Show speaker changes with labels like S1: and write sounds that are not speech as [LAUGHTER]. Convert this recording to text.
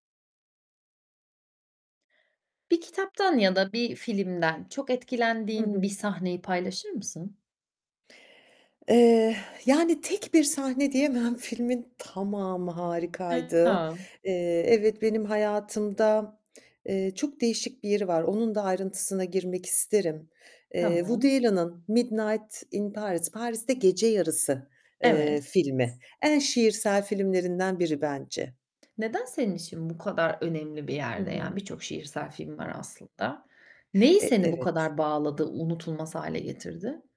S1: Bir kitaptan ya da bir filmden çok
S2: Hı
S1: etkilendiğin bir
S2: hı.
S1: sahneyi paylaşır mısın?
S2: Eee, [EXHALES] yani, tek bir sahne diyemem. Filmin tamamı harikaydı.
S1: Ya.
S2: Eee, evet benim hayatımda, eee, çok değişik bir yeri var. Onun da ayrıntısına girmek isterim. Eee, Woody
S1: Tamam.
S2: Allen'ın "Midnight in Paris, Paris'te Gece Yarısı" eee,
S1: Evet.
S2: filmi. En şiirsel filmlerinden biri bence.
S1: Neden senin için bu kadar önemli bir
S2: Hı
S1: yerde
S2: hı.
S1: yani? Birçok şiirsel film var aslında. Neyi
S2: Eee, d
S1: seni bu
S2: evet.
S1: kadar bağladı, unutulmaz hâle getirdi?